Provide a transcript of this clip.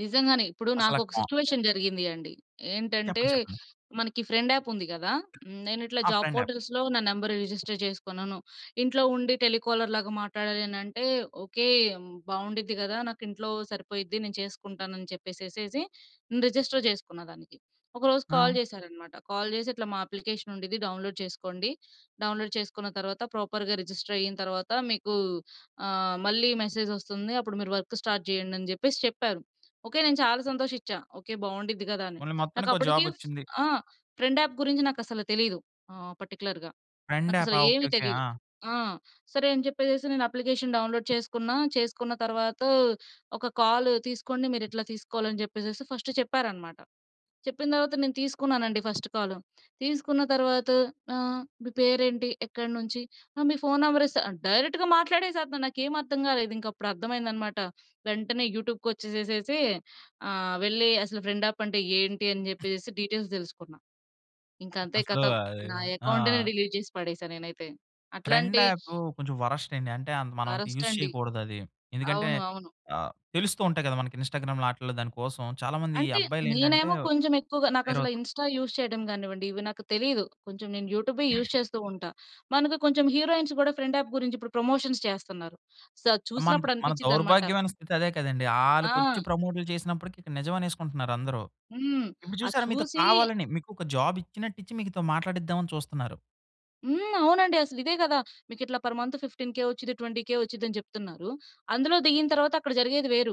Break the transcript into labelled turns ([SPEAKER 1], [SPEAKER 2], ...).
[SPEAKER 1] నిజంగానే ఇప్పుడు
[SPEAKER 2] అసల ఆ
[SPEAKER 1] నాకొక
[SPEAKER 2] కోన
[SPEAKER 1] సిట్యుయేషన్ జరిగింది అండి. ఏంటంటే,
[SPEAKER 2] చెప్పండి, చెప్పండి.
[SPEAKER 1] మనకి ఫ్రెండ్ యాప్ ఉంది గదా! నేను ఇట్లా
[SPEAKER 2] ఆ
[SPEAKER 1] జాబ్
[SPEAKER 2] ఫ్రెండ్ యాప్.
[SPEAKER 1] పోర్ట్‌ల్స్‌లో నా నంబర్ రిజిస్టర్ చేసుకున్నాను. ఇంట్లో ఉండి టెలికాలర్‌లాగా మాట్లాడాలి అనంటే ఓకే. బావుండిద్ది గదా! నాకు ఇంట్లో సరిపోయిద్ది నేను చేసుకుంటాను అని చెప్పేసేసేసి రిజిస్టర్ చేసుకున్న దానికి. ఒకరోజు కాల్
[SPEAKER 2] ఆ!
[SPEAKER 1] జేశారనమాట. కాల్ చేసి "ఇట్లా మా అప్లికేషన్ ఉండిద్ది డౌన్‌లోడ్ చేసుకోండి. డౌన్‌లోడ్ చేసుకున్న తర్వాత ప్రాపర్‌గా రిజిస్టర్ అయిన తర్వాత మీకు ఆహ్, మళ్ళీ మెసేజ్ ఒస్తుంది అప్పుడు మీరు వర్క్ స్టార్ట్ జేయండి" అని జెప్పేసి చెప్పారు. ఓకే నేను చాలా సంతోషిచ్చా. ఓకే బావుండిద్ది గదా! అని
[SPEAKER 2] పోన్లే మొత్తానికి ఓ
[SPEAKER 1] నాకప్పుడుకి ఫ్
[SPEAKER 2] జాబొచ్చింది.
[SPEAKER 1] ఆ! ఫ్రెండ్ యాప్ గురించి నాకసలు తెలీదు ఆహ్, పర్టిక్యులర్‌గా.
[SPEAKER 2] ఫ్రెండ్
[SPEAKER 1] నాకసలు
[SPEAKER 2] యాపా ఆ! ఓకే,
[SPEAKER 1] ఏమి
[SPEAKER 2] ఓకే.
[SPEAKER 1] తెలీదు
[SPEAKER 2] ఆ!
[SPEAKER 1] ఆ! సరే అని చెప్పేసేసి నేను అప్లికేషన్ డౌన్‌లోడ్ చేసుకున్నా. చేసుకున్న తర్వాత ఒక కాల్ తీసుకోండి మీరిట్లా తీసుకోవాలి అని జెప్పేసేసి ఫస్ట్ చెప్పారన్నమాట. చెప్పిన తర్వాత నేను తీసుకున్నానండి ఫస్ట్ కాలు. తీసుకున్న తర్వాత ఆహ్, "మీ పేరేంటి? ఎక్కడినుంచి? ఆహ్, మీ ఫోన్ నంబర్ ఇస్త" డైరెక్ట్‌గా మాట్లాడేసత్తునాడు నాకేమి అర్థం గాలేదు ఇంకప్పుడర్థమైందన్నమాట. వెంటనే యూట్యూబ్‌కొచ్చేసేసేసి ఆహ్, వెళ్లి అసలు ఫ్రెండ్ యాపంటే ఏంటి? అని జెప్పేసేసి డీటెయిల్స్ దెలుసుకున్నా. ఇంక అంతే
[SPEAKER 2] అసలు
[SPEAKER 1] కథం నా అకౌంట్‌నే
[SPEAKER 2] ఆ!
[SPEAKER 1] డిలీట్ చేసి పడేసా నేనైతే.
[SPEAKER 2] ఫ్రెండ్
[SPEAKER 1] అట్లాంటి
[SPEAKER 2] యాప్ కొంచెం వరస్టండీ. అంటే అంత మనం అంత యూజ్
[SPEAKER 1] వరస్టండి.
[SPEAKER 2] చేయకూడదది. ఎందుకంటే
[SPEAKER 1] అవును, అవును.
[SPEAKER 2] ఆహ్, తెలుస్తూ ఉంటాయి గదా! మనకి ఇన్స్‌స్టా‌గ్రామ్‌లో ఆటిల్లో దాని కోసం చాలా మంది
[SPEAKER 1] అంటే
[SPEAKER 2] అబ్బాయిలేంటంటే
[SPEAKER 1] నేనేమో కొంచెం ఎక్కువగా నాకసలు
[SPEAKER 2] వేరెవోలతో
[SPEAKER 1] ఇన్స్‌స్టా యూజ్ చేయడం గానివ్వండి ఇవి నాకు తెలియదు. కొంచెం నేను యూట్యూబే యూజ్ చేస్తూ ఉంటా. మనకు కొంచెం హీరోయిన్స్ గూడా ఫ్రెండ్ యాప్ గురించి ఇప్పుడు ప్రమోషన్స్ చేస్తున్నారు. సో అది
[SPEAKER 2] మన,
[SPEAKER 1] చూసినప్పుడు
[SPEAKER 2] మన
[SPEAKER 1] అనిపించిద్దన్నమాట.
[SPEAKER 2] దౌర్భాగ్యమైన స్థితి అదే కదండీ! ఆళ్ళకొచ్చి
[SPEAKER 1] ఆ!
[SPEAKER 2] ప్రమోట్లు చేసినప్పటికి ఇక్కడ నిజమనేసుకుంటున్నారు అందరూ.
[SPEAKER 1] హ్మ్.
[SPEAKER 2] ఇప్పుడు
[SPEAKER 1] అది
[SPEAKER 2] చూసారా మీతో
[SPEAKER 1] చూసి
[SPEAKER 2] కావాలని మీకు ఒక జాబిచ్చినట్టిచ్చి మీతో మాట్లాడిద్దామని చూస్తున్నారు.
[SPEAKER 1] హ్మ్. అవునండి. అసలు ఇదే గదా! మీకు ఇట్లా పర్ మంత్ 15కే వచ్చిద్ది 20కే వచ్చిద్దని చెప్తున్నారు. అందులో దిగిన తర్వాత అక్కడ జరిగేది వేరు.